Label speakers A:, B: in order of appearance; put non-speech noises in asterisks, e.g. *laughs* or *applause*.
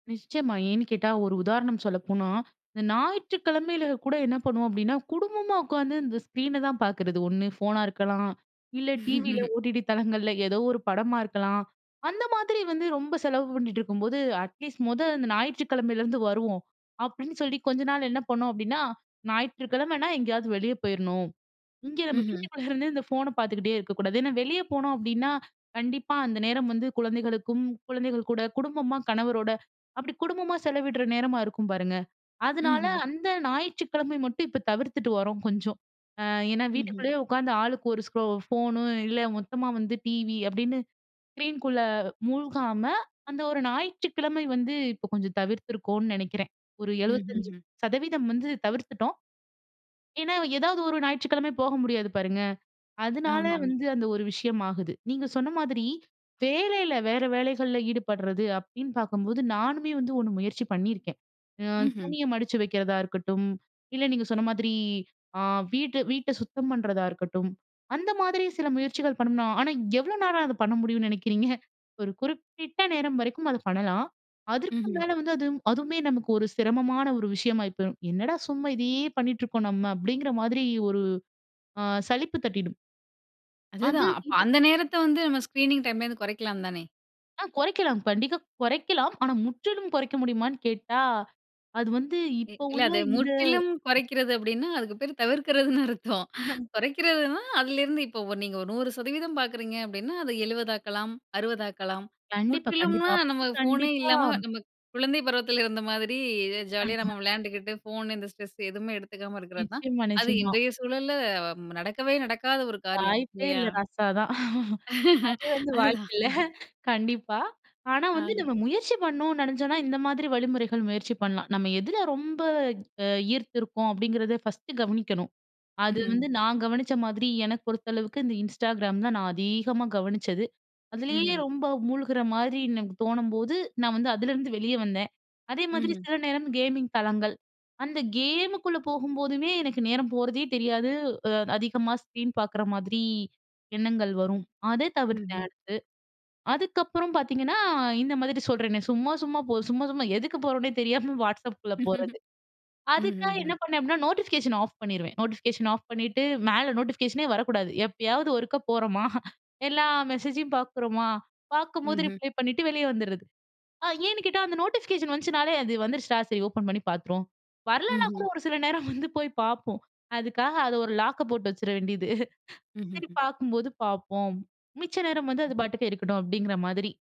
A: நிச்சியமா. ஏன்னு கேட்டா, ஒரு உதாரணம் சொல்லப்போனா இந்த ஞாயிற்றுக்கிழமையில கூட என்ன பண்ணுவோம் அப்டின்னா குடும்பமா உட்காந்து இந்த ஸ்க்ரீன தான் பார்க்குறது ஒண்ணு ஃபோனா இருக்கலாம் இல்ல டிவியில
B: *laughs*
A: OTT தளங்கள்ல ஏதோ ஒரு படமா இருக்கலாம். அந்த மாதிரி வந்து ரொம்ப செலவு பண்ணிட்டு இருக்கும்போது அட்லீஸ்ட் மொத இந்த ஞாயிற்றுக்கிழமையிலேருந்து வருவோம் அப்டின்னு சொல்லி கொஞ்ச நாள் என்ன பண்ணோம் அப்டின்னா, ஞாயிற்றுக்கிழமனா எங்கேயாவது வெளியே பேயிருணும். இங்கே *chuckles* நம்ம
B: ம்ஹ்ம்.
A: வீட்டுக்குள்ள இருந்தே இந்த ஃபோன பார்த்துக்கிட்டே இருக்கக்கூடாது. ஏன்னா, வெளியே போனோம் அப்டின்னா, கண்டிப்பா அந்த நேரம் வந்து குழந்தைகளுக்கும், குழந்தைகள் கூட குடும்பமா கணவரோட. அப்டி குடும்பமா செலவிடுற நேரமா இருக்கும் பாருங்க. அதுனால
B: ம்ஹ்ம்.
A: அந்த ஞாயிற்றுக்கிழமை மட்டும் இப்ப தவிர்த்துட்டு வரோம் கொஞ்சம். ஆ ஏன்னா,
B: ம்ஹ்ம்.
A: வீட்டுக்குள்ளேயே உட்காந்து ஆளுக்கு ஒரு ஸ்க்ரோ ஃபோனு இல்ல மொத்தமா வந்து டிவி அப்டின்னு ஸ்க்ரீன்குள்ள மூழ்காம அந்த ஒரு ஞாயிற்றுக்கிழமை வந்து இப்போ கொஞ்சம் தவிர்த்துக்கோன்னு நெனைக்கிறேன் ஒரு எழுபத்தஞ்சு
B: ம்ஹ்ஹ்ம்.
A: சதவீதம் வந்து தவிர்த்துட்டோம். ஏன்னா, ஏதாவது ஒரு ஞாயிற்றுக்கிழமை போக முடியாது பாருங்க. அதனால
B: ஆமாமா.
A: வந்து அந்த ஒரு விஷயம் ஆகுது. நீங்க சொன்ன மாதிரி வேலையில வேற வேலைகள்ல ஈடுபடுறது அப்டின்னு பார்க்கும்போது நானுமே வந்து ஒண்ணு முயற்சி பண்ணியிருக்கேன். ஆ
B: ம்ஹ்ம்.
A: துணிய மடிச்சு வைக்கிறதா இருக்கட்டும் இல்ல நீங்க சொன்ன மாதிரி ஆ வீட்டு வீட்ட சுத்தம் பண்றதா இருக்கட்டும். அந்த மாதிரி சில முயற்சிகள் பண்ணனா ஆனா, எவ்வளோ நேரம் அத பண்ண முடியும்னு *chuckles* நெனைக்கிறீங்க. ஒரு குறிப்பிட்ட நேரம் வரைக்கும் அத பண்ணலாம். அதற்கு
B: ம்ஹ்ம்.
A: மேல வந்து அது அதுவுமே நமக்கு ஒரு சிரமமான ஒரு விஷயமா இப்ப என்னடா! சும்மா இதையே பண்ணிட்டுருக்கோம் நம்ம அப்டிங்கிற மாதிரி ஒரு ஆ சலிப்பு தட்டிடும். அது,
B: அதுதான் அப்ப
A: இது
B: அந்த நேரத்த வந்து ஸ்கிரீனிங் டைம்ல வந்து கொறைக்கலாம் தானே?
A: ஆ குறைக்கலாம், கண்டிக்க குறைக்கலாம். ஆனா, முற்றிலும் குறைக்க முடியுமான்னு கேட்டா. அது வந்து
B: இ
A: இப்போ
B: இல்ல
A: உள்ள
B: அது
A: இந்த
B: முற்றிலும் கொறைக்கிறது அப்டின்னா, அதுக்கு பேர் *chuckles* தவிர்க்கிறதுன்னு அர்த்தம்
A: *chuckles*
B: குறைக்கிறதுனா அதிலேருந்து இப்போ நீங்க 100% பார்க்குறீங்க அப்டின்னா அத 70 ஆக்கலாம் 60 அக்கலாம்
A: கண்டிப்பா, கண்டிப்பா.
B: முற்றிலும்னா நம்ம
A: அப்டி
B: ஃபோனே
A: கண்டிப்பா.
B: இல்லாம நம்ம *chuckles* குழந்தை பருவத்தில இருந்த மாதிரி ஜாலியா நம்ம
A: *unintelligible*
B: விளையாண்டுகிட்டு ஃபோன் இந்த ஸ்ட்ரெஸ் எதுமே எடுத்துக்காம இருக்கிறது தான்
A: *chuckles* நிச்சியமா,
B: அது
A: நிச்சியமா.
B: இன்றைய சூழல்ல நடக்கவே நடக்காத ஒரு காரியம்
A: "வாய்ப்பே
B: இல்லையா?
A: இல்ல ரஸா தான்" அது
B: *laughs*
A: வந்து
B: அதுதான்.
A: வாய்ப்பு இல்ல.
B: அ
A: கண்டிப்பா, ஆனா,
B: ஆ.
A: வந்து நம்ம முயற்சி பண்ணனோம் நெனைச்சோம்னா இந்த மாதிரி வழிமுறைகள் முயற்சி பண்ணலாம். நம்ம எதில ரொம்ப அ ஈர்த்து இருக்கோம் அப்டிங்கிறத ஃபர்ஸ்ட்டு கவனிக்கணும். அது
B: ம்ஹ்ம்.
A: வந்து நான் கவனிச்ச மாதிரி எனக்கு பொறுத்த அளவுக்கு இந்த Instagram தான் நான் அது அதிகமா கவனிச்சது. அதுலேயே
B: ம்ஹ்ம்.
A: ரொம்ப மூழ்குற மாதிரி எனக்கு தோணும்போது நான் வந்து அதுலேருந்து வெளியே வந்தேன். அதே மாதிரி
B: ம்.
A: சில நேரம் கேமிங் தலங்கள். அந்த கேமுக்குள்ள போகும்போதுமே எனக்கு நேரம் போறதே தெரியாது அ அதிகமா ஸ்க்ரீன் பார்க்குற மாதிரி எண்ணங்கள் வரும். அத தவிர்த்தேன்
B: ம்ஹ்ம்.
A: அடுத்து. அதுக்கப்புறம் பார்த்தீங்கன்னா இந்த மாதிரி சொல்றேனே சும்மா, சும்மா போ சும்மா, சும்மா. எதுக்கு போறோம்னே தெரியாம Whatsappக்குள்ள போறது.
B: *laughs*
A: அதுக்காக என்ன
B: ம்ஹ்ஹ்ம்.
A: பண்ணேன் அப்டின்னா நோட்டிஃபிகேஷன் ஆஃப் பண்ணிருவேன். நோட்டிஃபிகேஷன் ஆஃப் பண்ணிட்டு மேல நோட்டிஃபிகேஷனே வரக்கூடாது எப்பயாவது ஒருக்கா *chuckles* போறோமா எல்லா மெசேஜும் பார்க்குறோமா பார்க்கும்போது
B: ம்ஹ்ம்.
A: ரிப்ளை பண்ணிட்டு வெளியே வந்துறது. அ ஏன்னு கேட்டா, அந்த நோட்டிஃபிகேஷன் வந்துச்சுனாலே அது வந்துடுச்சுடா, சரி ஓப்பன் பண்ணி பார்த்துரோம் வரலனா
B: ம்ஹ்ம்.
A: கூட ஒரு சில *chuckles* நேரம் வந்து போய் பார்ப்போம். அதுக்காக அத ஒரு லாக்க போட்டு *chuckles* வச்சிர வேண்டியது. சரி
B: ம்ஹ்ஹ்ம்.
A: பார்க்கும்போது பார்ப்போம் மிச்ச நேரம் வந்து அது பாட்டுக்கு இருக்கட்டுணும் அப்டிங்கிற மாதிரி.